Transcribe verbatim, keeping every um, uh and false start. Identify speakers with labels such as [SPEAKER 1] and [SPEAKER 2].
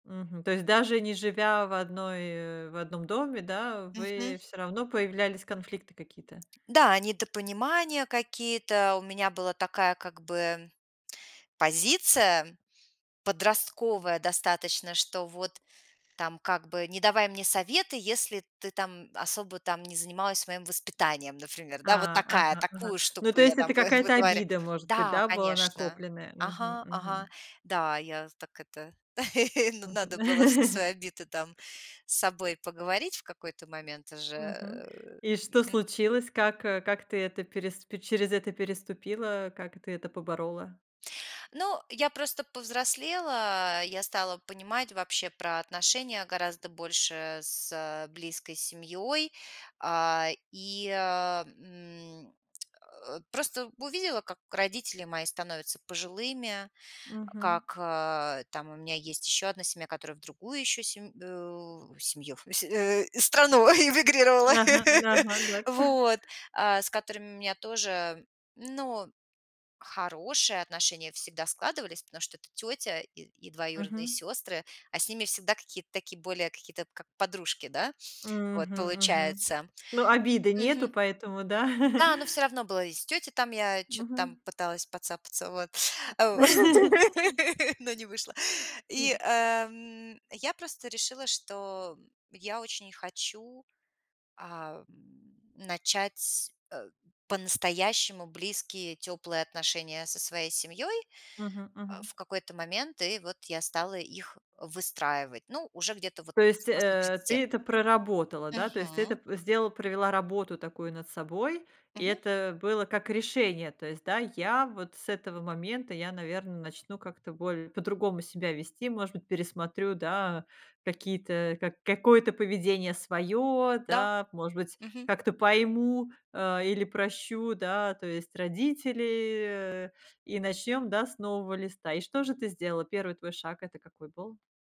[SPEAKER 1] Мгм. То есть даже не живя в одной, э, в одном доме, да,
[SPEAKER 2] Мгм.
[SPEAKER 1] вы всё равно появлялись конфликты какие-то.
[SPEAKER 2] Да, недопонимания какие-то. У меня была такая, как бы, позиция подростковая достаточно. Что, вот там, как бы, не давай мне советы, если ты там, м, особо, там, не занималась моим воспитанием, например, да. Вот
[SPEAKER 1] А,
[SPEAKER 2] такая,
[SPEAKER 1] ага, ага.
[SPEAKER 2] такую
[SPEAKER 1] Ну,
[SPEAKER 2] штуку
[SPEAKER 1] то
[SPEAKER 2] я
[SPEAKER 1] есть,
[SPEAKER 2] там
[SPEAKER 1] это
[SPEAKER 2] выт
[SPEAKER 1] какая-то
[SPEAKER 2] вытворя
[SPEAKER 1] обида, может быть,
[SPEAKER 2] Да,
[SPEAKER 1] да, была
[SPEAKER 2] конечно,
[SPEAKER 1] накопленная? Мгм,
[SPEAKER 2] ага, ага.
[SPEAKER 1] мгм.
[SPEAKER 2] Да, я з так это н
[SPEAKER 1] Мгм.
[SPEAKER 2] надо было все свои обиды там с собой поговорить в какой-то момент уже,
[SPEAKER 1] Мгм.
[SPEAKER 2] э,
[SPEAKER 1] И что
[SPEAKER 2] мгм.
[SPEAKER 1] случилось? Как, э, как ты это перес через это переступила? Э, как ты это поборола?
[SPEAKER 2] Ну, я просто повзрослела, а, я стала понимать вообще про отношения гораздо больше с э, близкой семьей, а, и, а, м, э, просто увидела, как родители мои становятся пожилыми,
[SPEAKER 1] Мгм.
[SPEAKER 2] как, э, там у меня есть еще одна семья, которая в другую еще семь э, в семью, с э, страну эмигрировала,
[SPEAKER 1] Ага, ага, да.
[SPEAKER 2] вот. А, с которыми у меня тоже, ну, хорошие отношения всегда складывались, потому что это тётя и и двоюродные
[SPEAKER 1] Мгм.
[SPEAKER 2] сёстры, а с ними всегда какие-то такие более какие-то как подружки, да, вот,
[SPEAKER 1] Мгм, мгм.
[SPEAKER 2] получается.
[SPEAKER 1] Ну, обиды нету,
[SPEAKER 2] Мгм.
[SPEAKER 1] поэтому да?
[SPEAKER 2] Да, но всё равно было, и с тётей там я чё-то там
[SPEAKER 1] Мгм.
[SPEAKER 2] пыталась поцапаться, вот, во но не вышло.
[SPEAKER 1] М.
[SPEAKER 2] И, а, м, я просто решила, что я очень хочу, а, начать, а, по-настоящему близкие, тёплые отношения со своей семьёй
[SPEAKER 1] Мгм, мгм.
[SPEAKER 2] в какой-то момент. И вот я стала их выстраивать. Ну, уже где-то вот
[SPEAKER 1] То есть,
[SPEAKER 2] после
[SPEAKER 1] э,
[SPEAKER 2] тридцати.
[SPEAKER 1] ты это проработала, да? То есть, ты
[SPEAKER 2] Мгм.
[SPEAKER 1] это п сделала, провела работу такую над собой, и
[SPEAKER 2] Мгм.
[SPEAKER 1] это было как решение. То есть, да: "Я вот с этого момента, я наверное, начну как-то боль по-другому себя вести, может быть, пересмотрю, да, какие-то ка какое-то поведение своё",
[SPEAKER 2] Да.
[SPEAKER 1] да? "Может быть,
[SPEAKER 2] Мгм.
[SPEAKER 1] как-то пойму, а, или прощу, да, то есть родители, и начнём, да, с нового листа". И что же ты сделала? первый твой шаг- это какой был?